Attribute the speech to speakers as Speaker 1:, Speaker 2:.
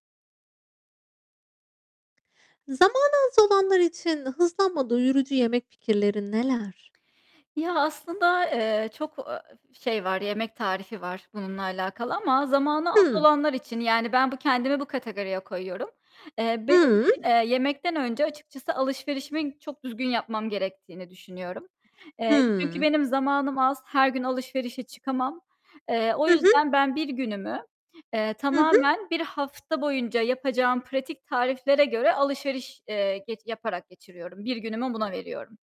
Speaker 1: Zamanı az olanlar için hızlanma doyurucu yemek fikirleri neler?
Speaker 2: Ya aslında, eee, çok, eee, şey var, yemek tarifi var bununla alakalı ama zamanı az
Speaker 1: Hı.
Speaker 2: olanlar için yani ben bu kendimi bu kategoriye koyuyorum. Eee, benim
Speaker 1: Hıı.
Speaker 2: için, eee, yemekten önce açıkçası alışverişimi çok düzgün yapmam gerektiğini düşünüyorum. Eee, çünkü
Speaker 1: Hımm.
Speaker 2: benim zamanım az, her gün alışverişe çıkamam. Eee, o
Speaker 1: Hı hı.
Speaker 2: yüzden ben bir günümü, eee,
Speaker 1: Hı hı.
Speaker 2: tamamen bir hafta boyunca yapacağım pratik tariflere göre alışveriş, eee, geç yaparak geçiriyorum. Bir günümü buna veriyorum.